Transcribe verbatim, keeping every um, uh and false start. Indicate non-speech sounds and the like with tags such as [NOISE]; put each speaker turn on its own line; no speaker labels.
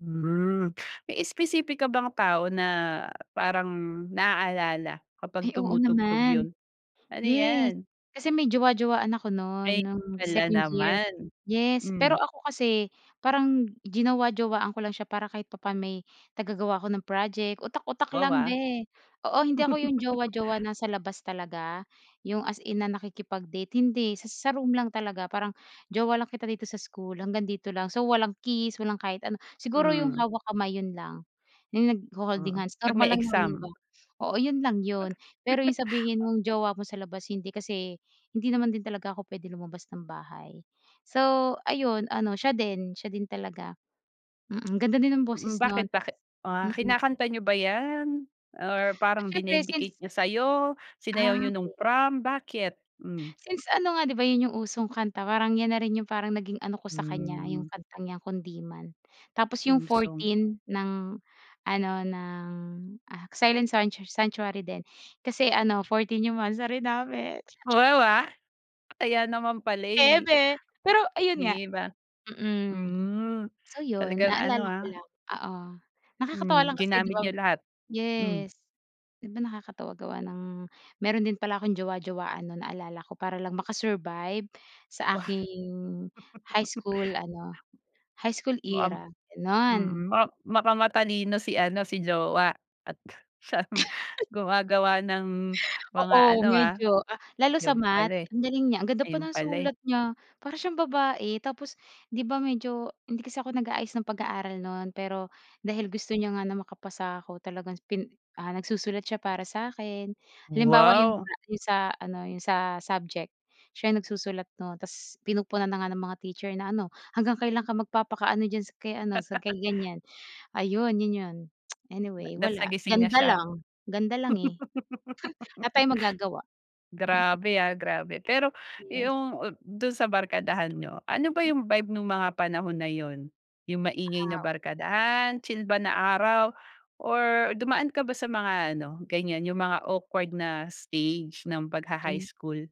Hmm, may espesipika bang tao na parang na-aalala kapag
Ay oo
tumutugtog yun?
naman.
Ano
Yes
yan?
kasi may jowa-jowaan ako nun,
Ay,
nung
wala
second year.
naman.
Yes pero
Hmm.
ako kasi parang jinowa-jowaan ko lang siya para kahit papano may taga-gawa ako ng project, utak-utak
Wow
lang
ha.
be. Oo hindi ako iyong
[LAUGHS]
jowa-jowa na sa labas talaga yung as in na nakikipag-date hindi, sa sa room lang talaga parang jowa lang kita dito sa school hanggang dito lang. So walang kiss, walang kahit ano, siguro yung
Hmm.
hawak kamay, yun lang. Yung nagho-holding
Mm.
hands
Pag
normal
may
lang naman yun di
exam?
ba. Oo yun lang yun pero yung
[LAUGHS]
sabihin mong jowa mo sa labas hindi kasi, hindi naman din talaga ako pwede lumabas ng bahay. So ayun, ano siya din siya din talaga. Mm, ganda din ang
Mm,
boses nun
bakit
tapos
bakit ah,
mm.
kinakanta niyo ba yan? Or
Ah,
parang
siyempre since
dinedicate niya sayo? Sinayaw
Ah,
niyo nung
okey.
prom? Bakit? Hmm.
Since ano nga di ba yun yung usong kanta parang yan na rin yung parang naging ano ko sa kanya
Hmm.
yung kanta niya Kundiman, tapos yung
Theme song.
14 ng ano ng ano Silent Sanchar Sanctuary din kasi ano 14, yung monthsary namin.
Wow, ah. Kaya naman pala eh.
Eme! Pero ayun nga
Di ba?
mm.
Hmm,
So yun,
talagang ano
naalala ko
ah.
lang. Oo nakakatawa
Hmm,
lang kasi di
ginamit
ba
niya lahat. Hmm.
yes di ba nakakatawa gawa ng meron din pala akong jowa-jowaan nun naalala ko para lang maka-survive sa
Wa
aking high
[LAUGHS]
school ano, high school
Mu am
era ganun.
mm, ma baka matalino si ano si jowa at siyang
[LAUGHS]
gumagawa ng mga
Oo
ano ah,
medyo ah, lalo sa
ayun
Math
pala eh
ang galing niya, ang ganda pa
ayun
ng
pala eh.
sulat niya para siyang babae. Tapos di ba medyo hindi kasi ako nag-aayos ng pag-aaral nun pero dahil gusto niya nga na makapasa ako talagang pin ah, nagsusulat siya para sakin. Halimbawa yung
Wow.
sa yung sa ano, yung sa subject siya yung nagsusulat nun tapos pinupuna na nga ng mga teacher na ano hanggang kailan ka magpapaka ano diyan sa kay ano sa
[LAUGHS]
kay ganyan? Ayun yun yun. [CLICKS TONGUE]
Na
Anyway
tapos
wala
nagising na
ganda
siya?
lang. Ganda lang eh. Wala
[LAUGHS]
tayong magagawa. Mm.
Grabe ah, grabe. Pero
Yes.
yung up dun sa barkadahan niyo, ano ba yung vibe nung mga panahon na yun? Yung maingay na
Oo.
barkadahan, chill ba na araw, or dumaan ka ba sa mga ano, ganyan yung mga awkward na stage ng pagha-high
Mm.
school?